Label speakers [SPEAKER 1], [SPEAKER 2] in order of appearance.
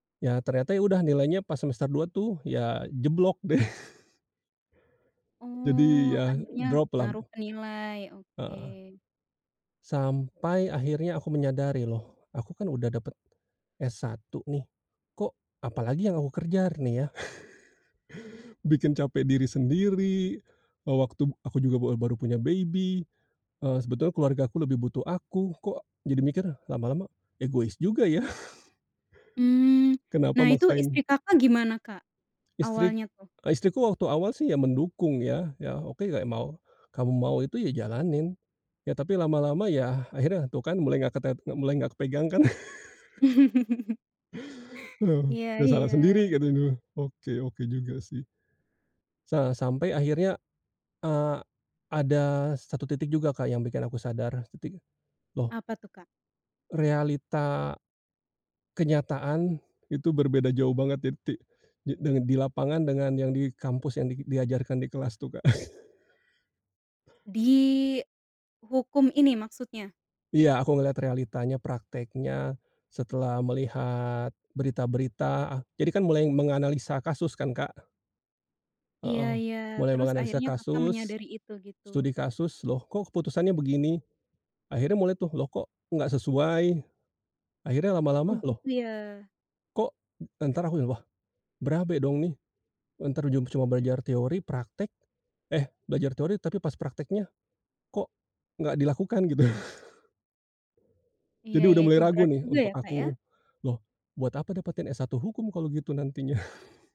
[SPEAKER 1] Ya, ternyata, ya, udah nilainya pas semester 2, tuh, ya, jeblok, deh. Jadi,
[SPEAKER 2] Oh,
[SPEAKER 1] ya,
[SPEAKER 2] akhirnya
[SPEAKER 1] drop lam
[SPEAKER 2] ngaruh ke nilai, oke.
[SPEAKER 1] Heeh. Sampai akhirnya aku menyadari, "Loh, aku, kan, udah dapet S1, nih, kok apalagi yang aku kejar, nih, ya?" Bikin capek diri sendiri, wa waktu aku juga bar baru punya baby, eee, sebetulnya keluargaku lebih butuh aku, kok, jadi mikir, lama-lama egois juga, ya.
[SPEAKER 2] Mmm.
[SPEAKER 1] Kenapa
[SPEAKER 2] Nah, itu istri
[SPEAKER 1] maksain
[SPEAKER 2] Kakak gimana, Kak?
[SPEAKER 1] Istri
[SPEAKER 2] Awalnya, tuh?
[SPEAKER 1] eee, istriku waktu awal, sih, ya, mendukung, ya. Ya, oke, kayak mau kamu mau itu, ya, jalanin. Ya, tapi lama-lama, ya, akhirnya, tuh, kan, mulai nggak ketet mulai nggak kepegang, kan. Oh,
[SPEAKER 2] Iya
[SPEAKER 1] "Ya, salah
[SPEAKER 2] iya.
[SPEAKER 1] sendiri," katanya. Oke oke juga, sih. Sa sampai akhirnya, eee, ada satu titik juga, Kak, yang bikin aku sadar. Titik, loh
[SPEAKER 2] Apa, tuh, Kak?
[SPEAKER 1] realita, kenyataan itu berbeda jauh banget ya ti di deng dengan di lapangan dengan yang di kampus yang di diajarkan di kelas, tuh, Kak.
[SPEAKER 2] Di Hukum ini maksudnya?
[SPEAKER 1] Iya, aku ngelihat realitanya, praktiknya, setelah melihat berita-berita, ah, jadi, kan, mulai menganalisa kasus, kan, Kak.
[SPEAKER 2] Iya
[SPEAKER 1] Heeh.
[SPEAKER 2] iya.
[SPEAKER 1] Mulai
[SPEAKER 2] Terus
[SPEAKER 1] menganalisa
[SPEAKER 2] akhirnya Kakak
[SPEAKER 1] kasus,
[SPEAKER 2] menyadari itu, gitu?
[SPEAKER 1] studi kasus, "Loh, kok, keputusannya begini?" Akhirnya mulai, tuh, "Loh, kok nggak sesuai?" Akhirnya
[SPEAKER 2] Oh,
[SPEAKER 1] lama-lama, loh
[SPEAKER 2] gitu, ya.
[SPEAKER 1] kok entar aku yang, "Wah, berabe, dong, nih. Entar ujung percuma belajar teori, praktik eh, belajar teori tapi pas praktiknya, kok, nggak dilakukan." Gitu.
[SPEAKER 2] Iya
[SPEAKER 1] Jadi
[SPEAKER 2] iya,
[SPEAKER 1] udah mulai
[SPEAKER 2] itu
[SPEAKER 1] ragu,
[SPEAKER 2] berat
[SPEAKER 1] nih,
[SPEAKER 2] juga,
[SPEAKER 1] untuk
[SPEAKER 2] ya, Kak, ya.
[SPEAKER 1] aku, "Loh, buat apa dapetin S1 Hukum kalau gitu nantinya."